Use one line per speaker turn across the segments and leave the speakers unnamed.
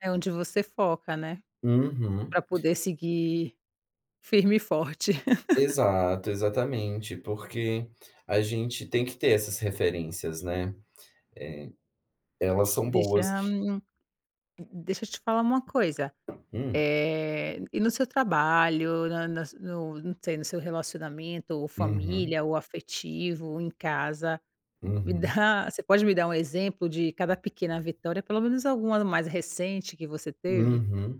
É onde você foca, né.
Uhum.
Para poder seguir firme e forte.
Exato, exatamente, porque a gente tem que ter essas referências, né. Eh, elas são boas.
Deixa, hum, deixa eu te falar uma coisa,
Hum.
eh, e no seu trabalho, na na s no não sei, no seu relacionamento, ou
Uhum.
família ou afetivo em casa, me
Uhum.
dá Você pode me dar um exemplo de cada pequena vitória, pelo menos algumas mais recente, que você teve?
Uhum.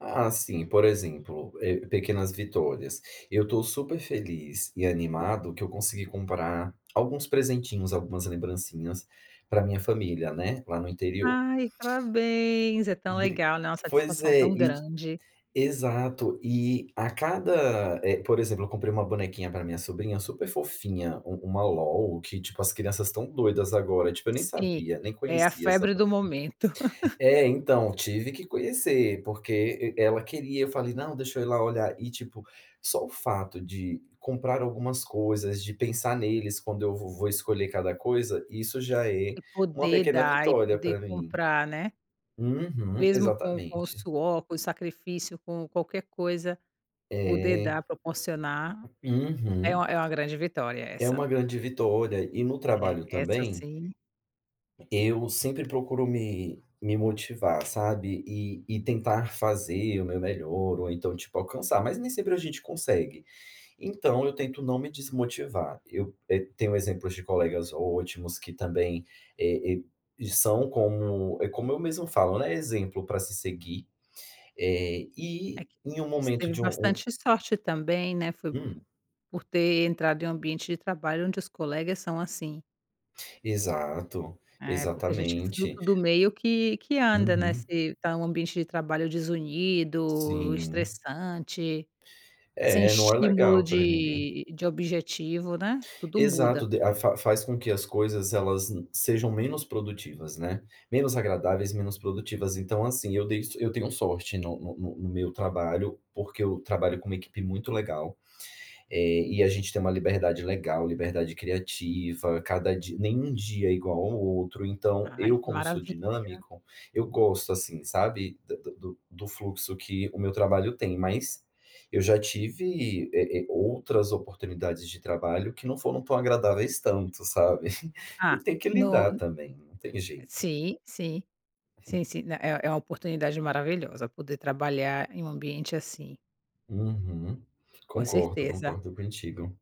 Ah, assim, por exemplo, eh, pequenas vitórias, eu estou super feliz e animado que eu consegui comprar alguns presentinhos, algumas lembrancinhas para minha família, né, lá no interior.
Ai, parabéns. É tão
D
legal, né, uma
pois
satisfação
é,
tão
et
grande.
exato, e a cada, eh, por exemplo, eu comprei uma bonequinha para minha sobrinha, super fofinha, u uma LOL que, tipo, as crianças estão doidas agora, tipo, eu nem
Sim,
sabia, nem
é a
conhecia essa
febre do
boneca.
momento.
É, então, tive que conhecer, porque e ela queria, eu falei: "Não, deixa eu ir lá olhar", e tipo, só o fato de comprar algumas coisas, de pensar neles quando eu vo vou escolher cada coisa, isso já é
E
uma
poder
pequena
dar e
vitória
poder
para mim.
comprar, né.
Uhum,
Mesmo com com o
exatamente.
suor, com o sacrifício, com qualquer coisa, poder
É.
dar, proporcionar, é
Uhum.
uma é uma grande vitória,
É
essa.
uma grande vitória, e no
É,
trabalho
essa
também
sim.
eu sempre procuro me me motivar, sabe, e e tentar fazer o meu melhor ou então, tipo, alcançar, mas nem sempre a gente consegue, então eu tento não me desmotivar. Eu, eh, tenho exemplos de colegas ótimos, que também, eh eh, e são como, eh, como eu mesmo falo, né, exemplo para se seguir, eh,
É
e
q
em um
você
momento
teve
de um um
bastante sorte também, né, foi p
Hum.
por ter entrado em um ambiente de trabalho onde os colegas são assim.
Exato,
É, porque a gente é
exatamente.
fruto do meio que que anda, né, se
Uhum.
está em um ambiente de trabalho desunido,
Sim.
estressante, sem
É, não é
estímulo
legal para ninguém.
de de objetivo, né. Tudo
Exato,
muda.
de fa faz com que as coisas elas n sejam menos produtivas, né. Menos agradáveis, menos produtivas, então assim, eu dei so isso eu tenho sorte no no no meu trabalho, porque eu trabalho com uma equipe muito legal, eh, e a gente tem uma liberdade legal, liberdade criativa, cada dia nem um dia é igual ao outro, então,
Ai,
eu
que
como sou
maravilha.
dinâmico, eu gosto, assim, sabe, d do do fluxo que o meu trabalho tem, mas eu já tive, eh eh, outras oportunidades de trabalho, que não foram tão agradáveis tanto, sabe, e
Ah,
tem que
no
lidar
n
também, não tem jeito.
sim, sim, sim, sim, n é é a oportunidade maravilhosa, poder trabalhar em um ambiente assim.
Uhum.
Com
Concordo,
certeza.
concordo contigo.